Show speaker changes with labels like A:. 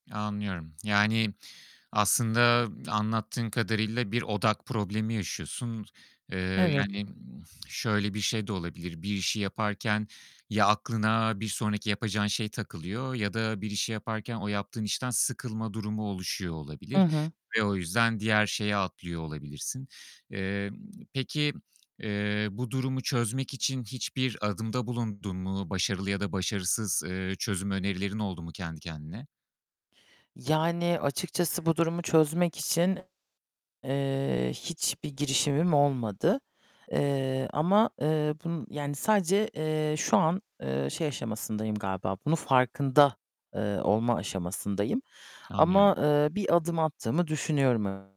A: Anlıyorum, yani, aslında anlattığın kadarıyla bir odak problemi yaşıyorsun, eee,
B: Evet.
A: yani, ımm, şöyle bir şey de olabilir. Bir işi yaparken, ya aklına bir sonraki yapacağın şey takılıyor ya da bir işi yaparken o yaptığın işten sıkılma durumu oluşuyor
B: Hı
A: olabilir
B: hı.
A: ve o yüzden diğer şeye atlıyor olabilirsin. Emm, peki, eee, bu durumu çözmek için hiçbir adımda bulundun mu? Başarılı ya da başarısız, eee, çözüm önerilerin oldu mu kendi kendine?
B: Yani, açıkçası bu durumu çözmek için, eee, hiçbir girişimim olmadı. Eee, ama, eee, bunu yani sadece, eee, şu an, eee, şey aşamasındayım galiba bunun farkında, eee, olma aşamasındayım
A: Anlıyorum.
B: ama, eee, bir adım attığımı düşünüyorum e